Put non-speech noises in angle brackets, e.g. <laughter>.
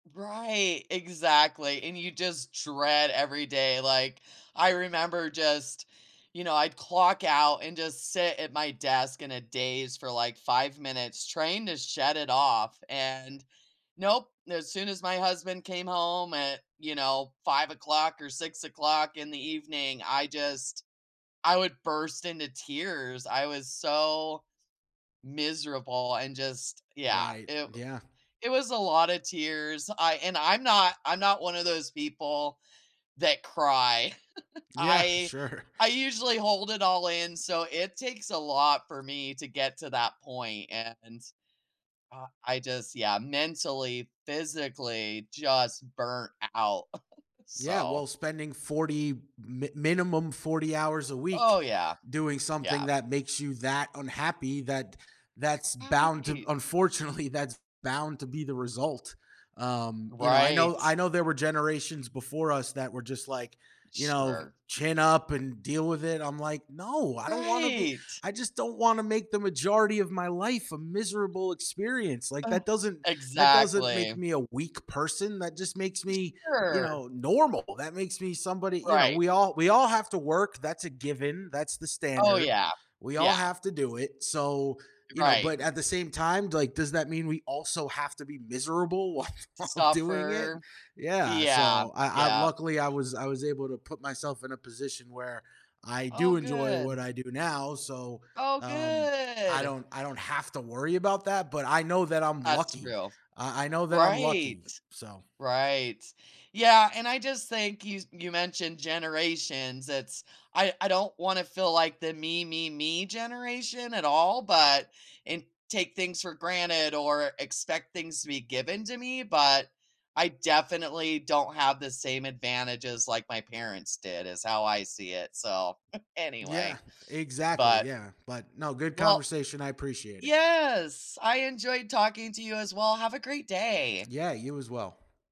Right, exactly, and you just dread every day, like, I remember just, you know, I'd clock out and just sit at my desk in a daze for like 5 minutes, trying to shut it off, and, nope, as soon as my husband came home at, you know, 5:00 or 6:00 in the evening, I just I would burst into tears, I was so miserable and just yeah, Right, it yeah. It was a lotta tears, I and I'm not I'm not one of those people that cry, <chuckles> Yeah, I sure. I usually hold it all in, so it takes a lot for me to get to that point, and, uh, I just yeah, mentally, physically just burnt o out, <chuckles> Yeah, So well, spending 40 mi minimum 40 hours a week Oh yeah, doing something yeah. that makes you that unhappy, that that's bound to Right. unfortunately, that's bound to be the result. Um, you know, I know Right. I know there were generations before us that were just, like, you know, Sure. "Chin up and deal with it," I'm like, no, I don't wanna be Right. I just don't wanna make the majority of my life a miserable experience, like, Oh, that doesn't that doesn't make exactly. me a weak person that just makes me, you Sure. know, normal, that makes me somebody you know, Right. we all we all have to work, that's a given, that's the Oh standard, yeah, we all yeah. have to do it, so, you know, Right. but at the same time, like, does that mean we also have to be miserable while doing it? Suffer. Yeah, Yeah. so, I I yep. luckily, I was I was able to put myself in a position where I Oh do enjoy what good. I do now, so, Oh um, I good. don't I don't have to worry about that, but I know that I'm That's lucky, true. I I know that I'm Right, lucky, so right. Yeah, and I just think you you mentioned generations, it's I I don't wanna feel like the me, me, me generation at all, but and take things for granted or expect things to be given to me, but, I definitely don't have the same advantages like my parents did is how I see it, so, <chuckles> Yeah, anyway. exactly, But yeah, but no, good Well conversation, I appreciate it. Yes, I enjoyed talking to you as well, have a great day. Yeah, you as well.